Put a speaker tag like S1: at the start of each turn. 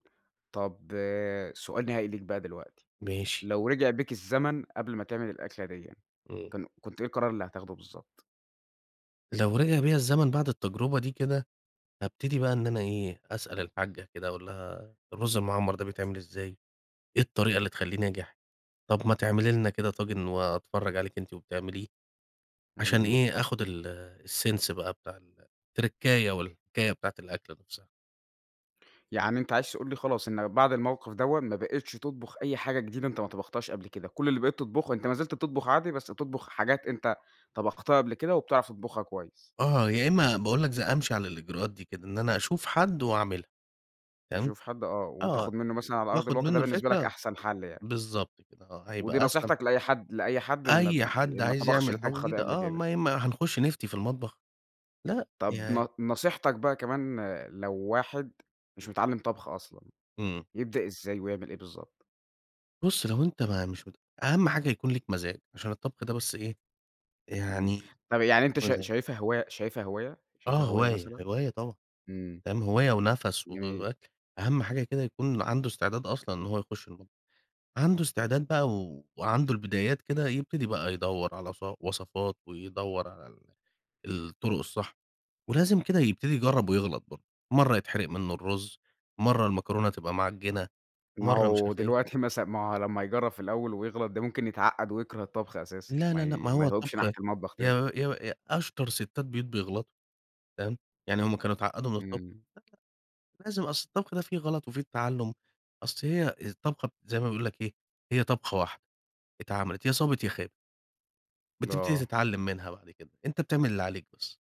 S1: طَب آآ، سؤال نهائي ليك بقى دلوقتي،
S2: ماشي.
S1: لو رِجع بيك الزمن قبْل ما تعمل الأكلة ديًّا،
S2: إمم.
S1: كان كنت إيه القرار اللي هتاخده بالضبط؟
S2: لو رِجع بيَّ الزمن بَعد التجربة دي كده، هابتدي بقى إن أنا إيه، أسأل الحاجّة كده أقول لها "الرز المعمّر ده بيتعمل إزاي؟ إيه الطريقة اللي تخلّيه ناجح؟ طَب ما تعملي لنا كده طاجن وأتفرّج عليكِ أنتِ وبتعمليه." عشان
S1: إمم.
S2: إيه، آخد ال sense بقى بتاع التركّاية والحكاية بتاعة الأكل نفْسها.
S1: يعني أنت عايز تقول لي خلاص، إن بَعد الموقف دوًّا ما بقيتش تطبُخ أي حاجة جديدة أنت ما طبختهاش قبْل كده، كلّ اللي بقيت تطبخُه أنت ما زلت بتطبُخ عادي بس بتطبُخ حاجات أنت طبَختها قبْل كده وبتعرَف تطبُخها كويس.
S2: آه، يا إمّا باقول لك ز أمشِي على الإجراءات دي كده، إن أنا أشوف حد وأعملها، تمام؟
S1: تشوف حد آه،
S2: آه،
S1: وتاخذ مِنُّه مثلًا على أرض
S2: وآخُذ
S1: الواقع، ده
S2: مِنُّه
S1: بالنسبة لك
S2: الفكرة،
S1: أحسَن حَل يعني.
S2: بالضبط كده آه،
S1: ودي
S2: هيبقى أسلَم.
S1: نصيحتك لأي حد لأي حد ما
S2: أي
S1: ب
S2: حد
S1: ما
S2: عايز
S1: طبَخش
S2: يعمل حاجة
S1: الطبخة دي
S2: جديدة،
S1: قبْل
S2: آه،
S1: كده.
S2: ما ي ما هنخش نفْتي في المطبخ، لأ،
S1: طَب
S2: يع
S1: ن نصيحتك بقى كمان آآ، لو واحد مش متعلِّم طبْخ أصلًا،
S2: إمم.
S1: يبدأ إزاي ويعمل إيه بالضبط؟
S2: بُصّ لو أنت ما مش مت أهم حاجة يكون ليك مزاج، عشان الطبخ ده بس إيه،
S1: إمم.
S2: يعني
S1: طَب يعني أنت شا
S2: مزاج.
S1: شايفها هواي شايفها هواية شايفها
S2: آه
S1: هواية
S2: هواية،
S1: مثلًا؟
S2: هواية طبعًا،
S1: إمم.
S2: ام هواية ونفَس
S1: جميل.
S2: و أهم حاجة كده يكون عَنده إستعداد أصلًا إن هو يخش المطبخ، عَنده إستعداد بقى وعنده البدايات كده يبتدي بقى يدوّر على ص وصَفات ويدوّر على ال الطُّرق الصح، ولازم كده يبتدي يجرّب ويغلَط برضه، مرَّة يتحرق مِنُّه الرز، مرَّة المكرونة تبقى معجِّنة،
S1: ما
S2: مرَّة مش
S1: هو
S2: عارف
S1: دلوقتي
S2: إيه.
S1: مثلًا ما لمّا يجرّب في الأول ويغلَط، ده ممكن يتعقّد ويكرَه الطبخ أساسًا
S2: لا،
S1: ما
S2: لا، لأ
S1: ي
S2: ما
S1: ما
S2: هو
S1: يهوِّبش
S2: الطبخ
S1: ناحية المطبخ تاني.
S2: يا يا أ أشطر سِتّات بيوت بيغلَطوا، تمام؟ يعني هُم كانوا اتعقّدوا من الطبخ؟!
S1: إمم.
S2: لازم، أصْل الطبخ ده فيه غلَط وفيه تعلُّم، أصْل هي الطبخة زي ما بيقول لك إيه، هي طبخة واحدة اتعملِت، يا صابِت يا خابِت. بتبتدي
S1: آه.
S2: تتعلِّم منها بعد كده، أنت بتعمل اللي عليك بس.